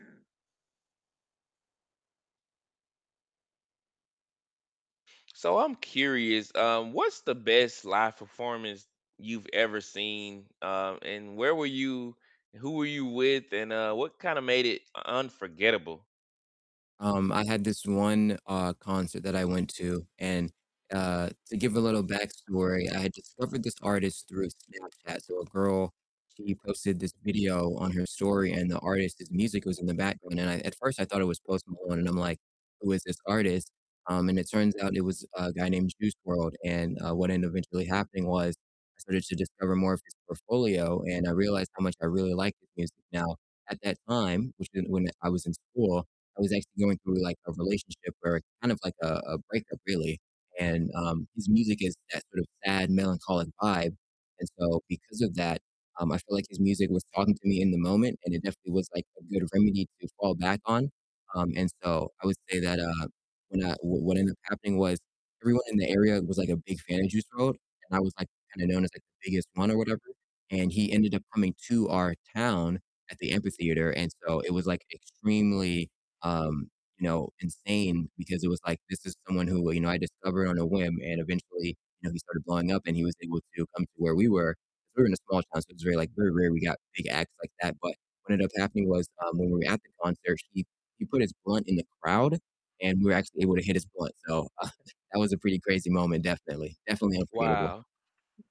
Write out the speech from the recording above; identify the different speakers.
Speaker 1: So I'm curious, um, what's the best live performance you've ever seen, um, and where were you who were you with, and, uh, what kinda made it u unforgettable?
Speaker 2: Um, I had this one, uh, concert that I went to and, uh, to give a little backstory, I had discovered this artist through Snapchat. So a girl, she posted this video on her story and the artist's music was in the background, and I at first I thought it was Post Malone and I'm like, who is this artist? Um, and it turns out it was a guy named Juice WRLD, and, uh, what ended up eventually happening was I started to discover more of his portfolio and I realized how much I really liked his music, now at that time, which in when I was in school, I was actually going through like a relationship where it's kind of like a a breakup really, and, um, his music is that sort of sad, melancholic vibe, and so because of that, um, I feel like his music was talking to me in the moment and it definitely was like a good remedy to fall back on, um, and so I would say that, uh when, uh w what ended up happening was everyone in the area was like a big fan of Juice WRLD and I was like kind of known as like the biggest one or whatever, and he ended up coming to our town at the amphitheater, and so it was like extremely, um, you know, insane because it was like, this is someone who, you know, I discovered on a whim and eventually, you know, he started blowing up and he was able to come to where we were, 'cause we were in a small town, so it was very, like very rare we got big acts like that, but what ended up happening was, um, when we were at the concert, he he put his blunt in the crowd and we were actually able to hit his blunt, so, uh, that was a pretty crazy moment, definitely, definitely unforgettable.
Speaker 1: Wow.